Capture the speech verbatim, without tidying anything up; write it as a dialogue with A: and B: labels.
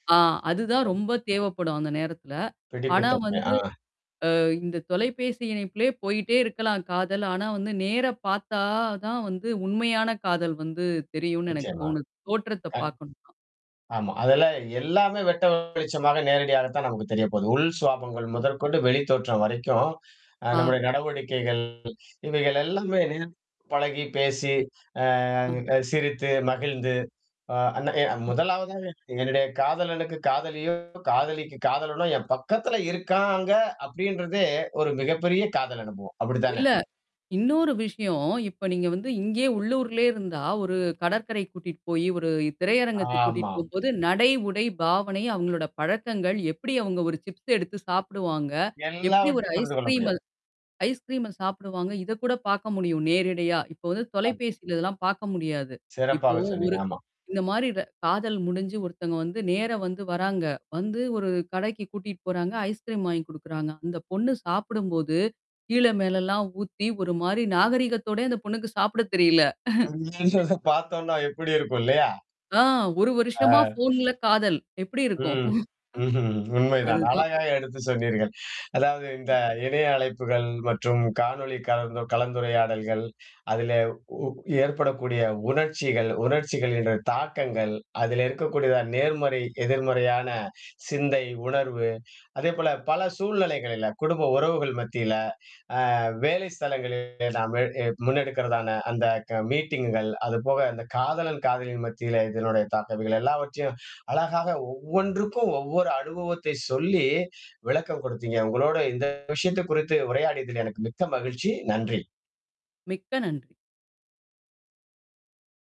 A: ஆ, அது தான் ரொம்ப தேவைப்படும் அந்த நேரத்துல. ஆனா
B: பிடிப்புத்தன்மை,
A: வந்து
B: ஆ.
A: அ இந்தத் தொலைபேசி இணைப்பிலே போயிட்டே இருக்கலாம் காதல். ஆனா வந்து நேரா பார்த்தா தான் வந்து உண்மையான காதல் வந்து தெரியுன்னு எனக்குத்
B: நிச்சயமா,
A: தோணுது. தோற்றத்தப்
B: கண்
A: பார்க்கணுன்னா!
B: ஆமா. அதுலாம் எல்லாமே வெட்ட வெளிச்சமாக, நேரடியாகத்தான் நமக்குத் தெரியப்போது. உள் சுவாபாங்கள் முதற்கொண்டு, வெளித்தோற்றம் வரைக்கும் அ
A: ஆ.
B: நம்முடைய நடவடிக்கைகள் இவைகள் எல்லாமே பழகிப் பேசி, அ
A: அ.
B: சிரித்து, மகிழ்ந்து, அ, [unintelligible] முதலாவதாக என்னுடைய காதலனுக்கு காதலியோ காதலிக்கு காதலனோ என் பக்கத்துல இருக்காங்க அப்பிடின்றதே ஒரு மிகப்பெரிய காதல் அனுபவம். அப்பிடித்தானே!
A: இல்ல. இன்னொரு விஷயம். இப்ப நீங்க வந்து இங்கே உள்ளூர்லே இருந்தா ஒரு கடற்கரைக்குக் கூட்டிட்டு போயி, ஒரு
B: ஆமா,
A: திரையரங்கத்துக்கு கூட்டிட்டு
B: ஆமா.
A: போம்போது நடை, உடை, பாவனை, அவுங்களோட பழக்கங்கள், எப்பிடி அவுங்க ஒரு சிப்ஸ் எடுத்துச் சாப்பிடுவாங்க? எப்படி ஒரு
B: எல்லாவற்றையும் புரிந்து கொள்ள முடியும்.
A: ஐஸ்கிரீம்ம ஐஸ்கிரீம்ம சாப்பிடுவாங்க இதக் கூடப் பார்க்க முடியும் நேரிடையா. இப்ப வந்து
B: [unintelligible]
A: தொலைபேசியில இதெல்லாம் பார்க்க முடியாது. இப்போ
B: சிறப்பாகச் சொன்னீங்க.
A: ஒரு
B: ஆமா.
A: இந்த மாதிரி ர காதல் முடிஞ்சு ஒருத்தவங்க வந்து நேரா வந்து வராங்க. வந்து ஒரு கடைக்குக் கூட்டிட்டு போறாங்க. ஐஸ்கிரீம் வாங்கி கொடுக்கிறாங்க. அந்தப் பொண்ணு சாப்பிடும்போது, கீழ மேல எல்லாம் ஊத்தி ஒருமாரி நாகரிகத்தோடே அந்தப் பொண்ணுக்கு சாப்பிட தெரியல.
B: பார்த்தோன்னா எப்பிடி இருக்கும்? இல்லயா!
A: ஆ, ஒரு
B: ஆ,
A: வருஷமா ஃபோன்ல காதல், எப்பிடி இருக்கும்?
B: ம். ம்ஹ்ம். உண்மைதான்.
A: அது தான்.
B: அழகா எடுத்துச் சொன்னீர்கள். அதாவது, இந்த இணைய அழைப்புகள் மற்றும் காணொளி கலந் கலந்துரையாடல்கள், அதிலே ஊ ஏற்படக்கூடிய உணர்ச்சிகள், உணர்ச்சிகள் என்ற தாக்கங்கள், அதிலே இருக்கக்கூடிய நேர்மறை, எதிர்மறையான சிந்தை, உணர்வு. அதேபோல பல சூழ்நிலைகளில குடும்ப உறவுகள் மத்தியில, ஆ வேலைஸ்தலங்களில் நாம முன்னெடுக்கிறதான அந்த க மீட்டிங்குகள் அதுபோக அந்தக் காதலன், காதலி மத்தியில இதனுடைய தாக்க இவைகள எல்லாவற்றையும் அழகாக ஒவ்வொன்றுக்கும் ஒவ்வொரு அனுபவத்தைச் சொல்லி விளக்கம் கொடுத்தீங்க. உங்களோட இந்த விஷயத்தக் குறித்து உரையாடியதிலே எனக்கு மிக்க மகிழ்ச்சி. நன்றி.
A: மிக்க நன்றி.